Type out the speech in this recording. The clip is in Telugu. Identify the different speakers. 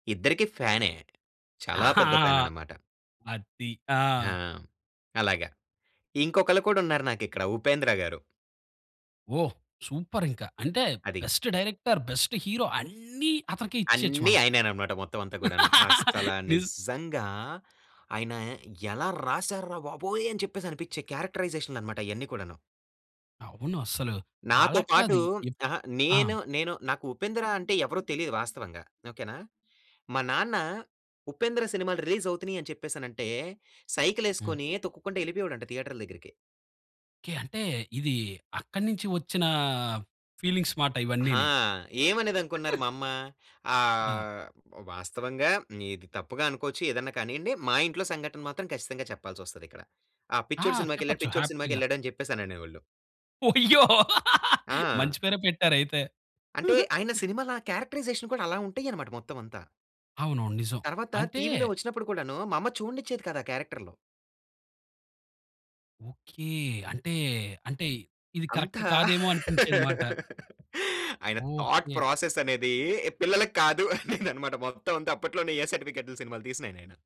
Speaker 1: ఇద్దరికీ ఫ్యానే. చాలా
Speaker 2: ఆహా!
Speaker 1: పెద్ద ఫ్యాననమాట.
Speaker 2: అది.
Speaker 1: ఆ!
Speaker 2: ఆ!
Speaker 1: అలాగ. ఇంకొకళ్ళు కూడున్నారు నాకిక్కడ 'ఉపేంద్ర' గారు.
Speaker 2: ఓహ్! సూపరింక. అంటే,
Speaker 1: అది.
Speaker 2: బెస్ట్ డైరెక్టర్, బెస్ట్ హీరో అన్నీ అతనికే ఇచ్చేయచ్చు
Speaker 1: అన్నీ
Speaker 2: మనం.
Speaker 1: ఆయనేననమాట మొత్తవంతా కూడాను. అస్సలా
Speaker 2: నిజ్
Speaker 1: నిజ్జంగా "ఆయన ఎలా రాశారు రా బాబోయ్!" అని చెప్పేసనిపిచ్చె క్యారెక్టరైజేషన్లనమాట అయన్నీ కూడాను!
Speaker 2: అవును. అస్సలు
Speaker 1: నాతో
Speaker 2: అలాగ కాదు.
Speaker 1: పాటూ
Speaker 2: ఎప్
Speaker 1: అహ!
Speaker 2: ఆ!
Speaker 1: నేను, నేను నాకు 'ఉపేంద్ర' అంటే ఎవరో తెలీదు వాస్తవంగా. ఓకే నా? మా నాన్న 'ఉపేంద్ర' సినిమాలు రిలీజవుతున్నయని చెప్పేసనంటే,
Speaker 2: హ్మ్.
Speaker 1: సైకిలేసుకొనీ తొక్కుకుంట యెళ్ళిపోయేవోడంట థియేటర్ల దగ్గరికి.
Speaker 2: ఓకే. అంటే, ఇదీ అక్కడి నించి ఒచ్చినా ఫీలింగ్స్ మాట
Speaker 1: ఆ!
Speaker 2: ఇవన్నీని.
Speaker 1: ఏమనేదనుకున్నారు మా అమ్మ?
Speaker 2: ఆ!
Speaker 1: ఆహ్, వ్ వాస్తవంగా ఇది తప్పుగా అనుకోచ్చు, ఏదన్నా కానియ్యండి. మా ఇంట్లో సంఘటన మాత్రం ఖచ్చితంగా చెప్పాల్సొస్తదిక్కడ. ఆ
Speaker 2: ఆ!
Speaker 1: పిచ్చోడు సినిమాకెళ్ళాడు,
Speaker 2: చెప్పచ్చు.
Speaker 1: పిచ్చోడు
Speaker 2: హ్యాపీగా.
Speaker 1: సినిమాకెళ్ళాడని చెప్పేసననేవోళ్ళు.
Speaker 2: వొయ్యో!
Speaker 1: ఆ!
Speaker 2: మంచి పేరే పెట్టారయితే.
Speaker 1: అంటే, ఆయన సినిమాల ఆ క్యారెక్టరైజేషన్ కూడా అలా ఉంటయనమాట మొత్తవంతా.
Speaker 2: అవునవును. నిజం.
Speaker 1: తర్వాత
Speaker 2: అంటే
Speaker 1: టీవీలో ఒచ్చినప్పుడు కూడానూ, మా అమ్మ చూడనిచ్చేది కాదు ఆ క్యారెక్టర్లు.
Speaker 2: ఓకే. అంటే, అంటే ఇది కరక్ట్
Speaker 1: అంతా
Speaker 2: కాదేమో అనిపించేదిమాట.
Speaker 1: అయన థాట్
Speaker 2: ఓకే.
Speaker 1: ప్రాసెస్సనేదీ పిల్లలకి కాదు అనేదనమాట. మొత్తమంతా అప్పట్లోనే ఏ సర్టిఫికేట్లు సినిమాలు తీసినాయన ఆయన.